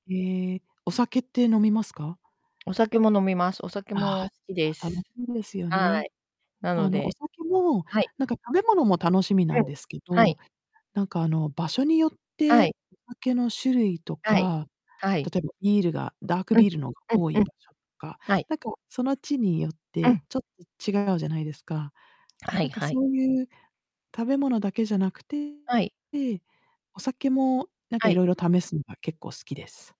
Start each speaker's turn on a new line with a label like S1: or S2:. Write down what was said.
S1: ええ、お酒って飲みますか？
S2: お酒も飲みます。お酒
S1: ああ、
S2: も好きで
S1: じゃあ、楽
S2: す。
S1: しいですよ
S2: は
S1: ね。
S2: い。な
S1: あ
S2: の
S1: のお
S2: で
S1: 酒も、
S2: はい。
S1: なんか食べ物も楽しみな
S2: うん。
S1: んですけ
S2: はい。
S1: ど、なんかあの場所によっ
S2: は
S1: て
S2: い。
S1: お酒の種類と
S2: はい。
S1: か、
S2: はい。
S1: 例えばビールがダーク
S2: うん、
S1: ビールのが
S2: う
S1: 多い
S2: んうん。
S1: 場所とか、
S2: はい。
S1: なんかその地によっ
S2: う
S1: て
S2: ん。
S1: ちょっと違うじゃないですか。
S2: は
S1: な
S2: い
S1: んか
S2: は
S1: そ
S2: い。
S1: ういう食べ物だけじゃなくて、
S2: はい。
S1: で、お酒もなんか
S2: はい。
S1: 色々試すのが結構好きです。